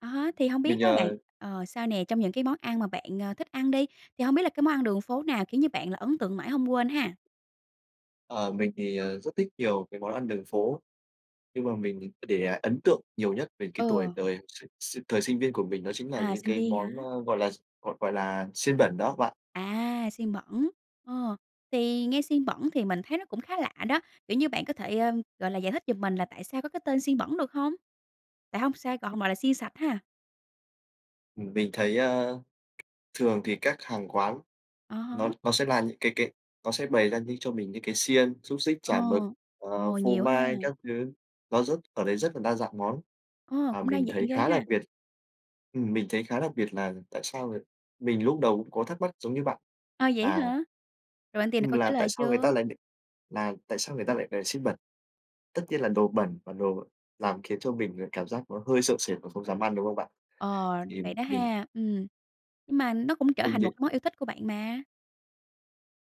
À há, thì hông Mình, biết á bạn, ờ ờ, sao nè, trong những cái món ăn mà bạn, ờ, thích ăn đi, thì hông biết là cái món ăn đường phố nào khiến cho bạn là ấn tượng mãi hông quên ha? Ờ, mình thì, ờ, rất thích nhiều cái món ăn đường phố, nhưng mà mình để ấn tượng nhiều nhất về cái tuổi Ừ. đời s s thời sinh viên của mình đó chính là À, những sinh cái viên món, hả? ơ, gọi là, d gọi gọi là xiên bẩn đó bạn. À, xiên bẩn, ờ. Thì nghe xiên bẩn thì mình thấy nó cũng khá lạ đó! Kiểu như bạn có thể, ờ, gọi là, giải thích giùm mình là tại sao có cái tên "xiên bẩn" được hông? Tại hông sao gọi hông gọi là "xiên sạch" ha. Ừm, mình thấy, ơ, thường thì các hàng quán À há. nó nó sẽ là những cái cái nó sẽ bày ra những cho mình những cái xiên, xúc xích, Ồ, chả mực, ờ, ồ, phô nhiều ha. mai các thứ. Nó rất ở đấy rất là đa dạng món Ồ, và cũng đa mình dạng thấy ghê khá đặc ha. biệt ừm, mình thấy khá là đặc biệt là tại sao người mình lúc đầu cũng có thắc mắc giống như bạn À, vậy á là hả? Rồi bạn tìm được Ừm, câu trả là tại lời sao người ta chưa? lại đ là tại sao người ta lại là xiên bẩn. Tất nhiên là đồ bẩn và đồ làm khiến cho mình, ờ, cảm giác nó hơi sợ sệt và không dám ăn, đúng không bạn? Ờ, Thì vậy đó mình ha! Ừm, nhưng mà nó cũng trở Mình thành một định cái món yêu thích của bạn mà.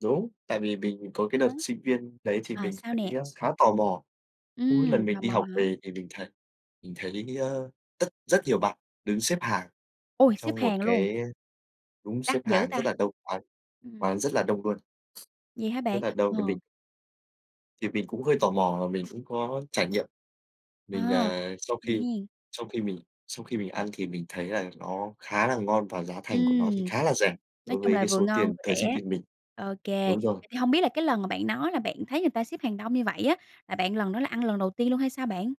Đúng, tại vì mình có À cái đợt há. sinh viên đấy thì Ờ, mình s sao thấy nè? khá tò mò. Cứ mỗi lần Ừm, tò mình đi mò học hả? về thì mình thấy mình thấy, ơ, tất rất nhiều bạn đứng xếp hàng Ôi! Xếp trong một hàng luôn. cái, ơ đúng, xếp Đắt dữ hàng ta! rất là đông, quán Ừm. quán rất là đông luôn. Vậy hả Rất bạn? là đông thì mình Ờ. thì mình cũng hơi tò mò và mình cũng có trải nghiệm. Mình, À, ờ sau vậy khi hen? sau khi mình sau khi mình ăn thì mình thấy là nó khá là ngon và giá thành của nó thì Ừm, khá là rẻ nói đối chung với là cái vừa số ngon tiền vừa thời sinh rẻ. viên mình. Ô kê, Đúng rồi. vậy thì hông biết là cái lần mà bạn nói là bạn thấy người ta xếp hàng đông như vậy á, là bạn lần đó là ăn lần đầu tiên luôn hay sao bạn?